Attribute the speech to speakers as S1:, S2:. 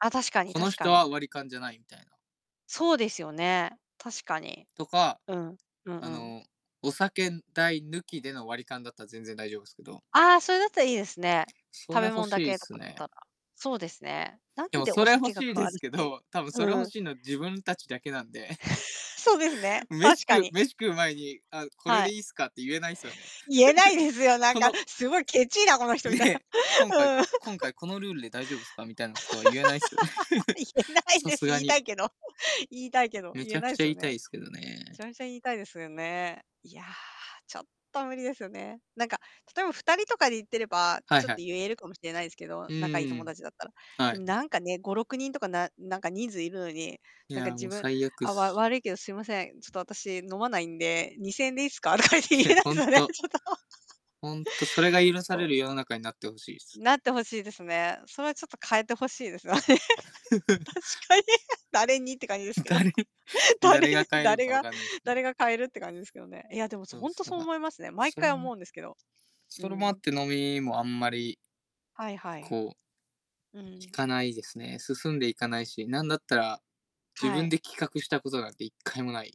S1: あ、確かに
S2: この
S1: 確か
S2: 人は
S1: に。
S2: 割り勘じゃないみたいな。
S1: そうですよね、確かに。
S2: とか。
S1: うん、うん
S2: あ
S1: うん。
S2: の、お酒代抜きでの割り勘だったら全然大丈夫すけど。
S1: ああ、それだったらいいですね。
S2: そ
S1: 食
S2: れ
S1: べ
S2: 欲
S1: 物だ
S2: しいっ
S1: けと
S2: す
S1: かだった
S2: ね。
S1: らそうですね、なん
S2: でも、
S1: で
S2: そ
S1: お
S2: れ欲
S1: 酒が
S2: しい
S1: 変
S2: で
S1: わるっ
S2: すけ
S1: ていう
S2: ど多分それ欲
S1: うん。
S2: しいのは自分たちだけなんで。
S1: そうですね、
S2: 飯
S1: 確か
S2: 食う
S1: に。
S2: 飯食う前に「あ、これ
S1: は
S2: で
S1: い。
S2: いいっすか」って言えないすよね。
S1: 言えないですよ、なん
S2: こ
S1: か、
S2: の
S1: すごいケチいなこの人みたい
S2: ね、「今回
S1: なうん。
S2: 今 回このルールで大丈夫すか？」みたいなことは言えないっすよね。
S1: 言えない
S2: さ
S1: です。
S2: すが
S1: 言いた
S2: に。
S1: いけど言いたいけど、
S2: め
S1: 言え
S2: ちゃ
S1: な
S2: く
S1: い
S2: ちゃ
S1: す
S2: 言
S1: よ
S2: いた
S1: ね。
S2: いっすけど
S1: め
S2: ね。
S1: ちゃめちゃ言いたいですよね。いや、ちょっと無理ですよね。なんか、例えば2人とかで行ってれば、
S2: はい
S1: ちょっと
S2: はい。
S1: 言えるかもしれないですけど、
S2: う
S1: 仲いい友
S2: ーん、
S1: 達だったら。
S2: は
S1: で
S2: い。
S1: もなんかね、5、6人とかななんか人数いるのに、
S2: い
S1: なんか
S2: や、
S1: 自
S2: もう
S1: 分
S2: 最悪っ
S1: 「あ、わ
S2: す。
S1: 悪いけど、すいません、ちょっと私飲まないんで、2000円でいいすか？」とかって言
S2: い
S1: え
S2: や、
S1: ないで
S2: ほ
S1: す
S2: ん
S1: よね、
S2: と
S1: ちょっと。
S2: ほんとそれが許さ
S1: そう。
S2: れる世の中になってほしいっす。
S1: なってほしいですね。それはちょっと変えて欲しいですよ。確 かに、誰にって感じですけど。
S2: 誰
S1: 誰
S2: 誰が変えるん
S1: 誰
S2: か分
S1: が、
S2: かんないすけど。
S1: 誰が変えるって感じですけどね。いや、でもそ
S2: そう
S1: ほん
S2: す、
S1: と
S2: だ
S1: そう
S2: か
S1: 思いますね。毎
S2: それ
S1: 回思
S2: も
S1: うんですけど。う
S2: それもあっ
S1: ん。
S2: て飲みもあんまり
S1: はいはい。
S2: こう
S1: う
S2: 行
S1: ん。
S2: かないですね、進んでいかないし、なんだったら、自
S1: は
S2: 分
S1: い。
S2: で企画したことなんて1回もない。